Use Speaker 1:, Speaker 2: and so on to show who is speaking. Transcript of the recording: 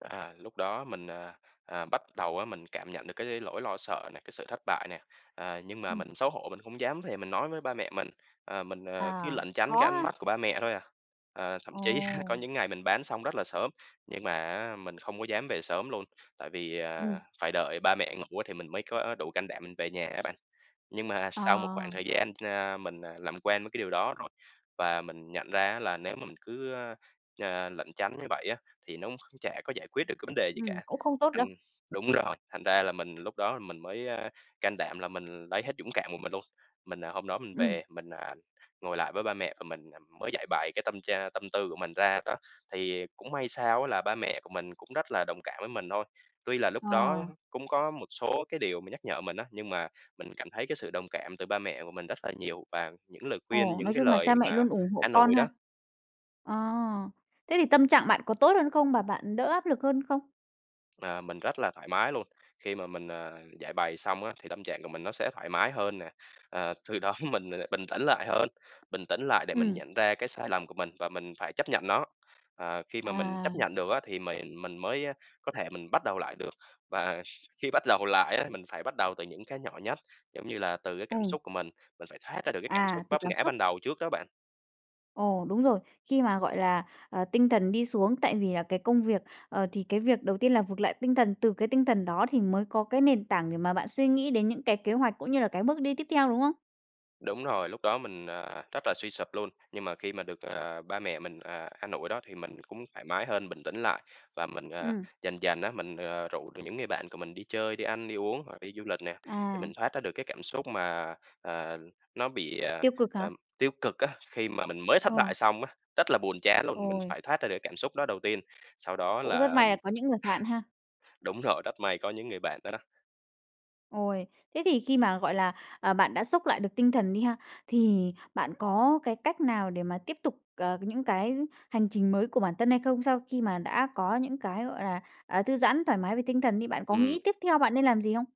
Speaker 1: À, lúc đó mình, à, à, bắt đầu á mình cảm nhận được cái lỗi lo sợ này, cái sự thất bại nè, à, nhưng mà
Speaker 2: Ừm.
Speaker 1: mình xấu hổ mình không dám về mình nói với ba mẹ mình, ờ, mình, ờ, cứ
Speaker 2: À,
Speaker 1: lẩn tránh
Speaker 2: khó
Speaker 1: cái ánh
Speaker 2: ha!
Speaker 1: mắt của ba mẹ thôi à. Ờ, thậm chí á có
Speaker 2: Ồ!
Speaker 1: những ngày mình bán xong rất là sớm, nhưng mà á mình không có dám về sớm luôn, tại vì,
Speaker 2: Ừm.
Speaker 1: ờ, phải đợi ba mẹ ngủ á thì mình mới có đủ can đảm mình về nhà á bạn. Nhưng mà
Speaker 2: Ờ.
Speaker 1: sau một khoảng thời gian, a, mình, à, làm quen với cái điều đó rồi, và mình nhận ra á là nếu mà mình cứ, ơ, ờ, lẩn tránh như vậy á, thì nó cũng kh chả có giải quyết được cái vấn đề gì
Speaker 2: Ừm,
Speaker 1: cả,
Speaker 2: cũng không tốt
Speaker 1: thành
Speaker 2: đâu.
Speaker 1: đúng rồi, thành ra là mình lúc đó đó là mình mới, a, can đảm là mình lấy hết dũng cảm của mình luôn. Mình, à, hôm đó mình
Speaker 2: Ừm.
Speaker 1: về, mình, à, ngồi lại với ba mẹ của mình mới giãi bày cái tâm tra tâm tư của mình ra đó. Thì cũng may sao á là ba mẹ của mình cũng rất là đồng cảm với mình thôi. Tuy là lúc đó
Speaker 2: Ờ.
Speaker 1: cũng có một số cái điều mà nhắc nhở mình á, nhưng mà mình cảm thấy cái sự đồng cảm từ ba mẹ của mình rất là nhiều và những lời khuyên,
Speaker 2: Ồ,
Speaker 1: những
Speaker 2: nói
Speaker 1: cái
Speaker 2: chung là
Speaker 1: lời
Speaker 2: cha mẹ
Speaker 1: mà
Speaker 2: luôn ủng hộ
Speaker 1: an
Speaker 2: con
Speaker 1: ủi
Speaker 2: ha?
Speaker 1: đó.
Speaker 2: À! Thế thì tâm trạng bạn có tốt hơn không và bạn đỡ áp lực hơn không?
Speaker 1: Ờ, mình rất là thoải mái luôn, khi mà mình, à, giãi bày xong á thì tâm trạng của mình nó sẽ thoải mái hơn nè, ờ, từ đó mình bình tĩnh lại hơn, bình tĩnh lại để mình
Speaker 2: Ừm.
Speaker 1: nhận ra cái sai lầm của mình và mình phải chấp nhận nó, ờ, khi mà mình
Speaker 2: À.
Speaker 1: chấp nhận được á thì mền mình mới có thể mình bắt đầu lại được, và khi bắt đầu lại á mình phải bắt đầu từ những cái nhỏ nhất, giống như là, từ cái cảm
Speaker 2: Ừm.
Speaker 1: xúc của mình, mình phải thoát ra được cái cảm
Speaker 2: À,
Speaker 1: xúc
Speaker 2: tụt
Speaker 1: vấp
Speaker 2: cảm
Speaker 1: ngã ban
Speaker 2: xúc.
Speaker 1: đầu trước đó bạn.
Speaker 2: Ồ, đúng rồi. Khi mà, gọi là, à, tinh thần đi xuống tại vì là cái công việc, ờ, thì cái việc đầu tiên là vực lại tinh thần, từ cái tinh thần đó thì mới có cái nền tảng để mà bạn suy nghĩ đến những cái kế hoạch cũng như là cái bước đi tiếp theo, đúng không?
Speaker 1: Đúng rồi, lúc đó mình, à, rất là suy sụp luôn, nhưng mà khi mà được, ờ, ba mẹ mình, ờ, an ủi đó thì mình cũng thoải mái hơn, bình tĩnh lại, và mình, ờ,
Speaker 2: Ừm.
Speaker 1: dần dần á mình, ờ, rủ được những người bạn của mình đi chơi, đi ăn, đi uống hoặc đi du lịch nè, thì
Speaker 2: À!
Speaker 1: mình thoát ra được cái cảm xúc mà, ờ, nó bị, ờ,
Speaker 2: Tiêu cực hả?
Speaker 1: ờ, tiêu cực á, khi mà mình mới thất bại
Speaker 2: Ờ.
Speaker 1: xong á, rất là buồn chán luôn, mình
Speaker 2: Ôi!
Speaker 1: phải thoát ra được cái cảm xúc đó đầu tiên, sau đó
Speaker 2: Cũng rất
Speaker 1: là
Speaker 2: may là có những người bạn ha!
Speaker 1: đúng rồi, rất may có những người bạn đó đó.
Speaker 2: Ôi, thế thì khi mà, gọi là, ờ, bạn đã xốc lại được tinh thần đi ha, thì bạn có cái cách nào để mà tiếp tục, ờ, những cái hành trình mới của bản thân hay không? Sau khi mà đã có những cái, gọi là, à, thư giãn thoải mái về tinh thần đi, bạn có nghĩ
Speaker 1: Ừm.
Speaker 2: tiếp theo bạn nên làm gì không?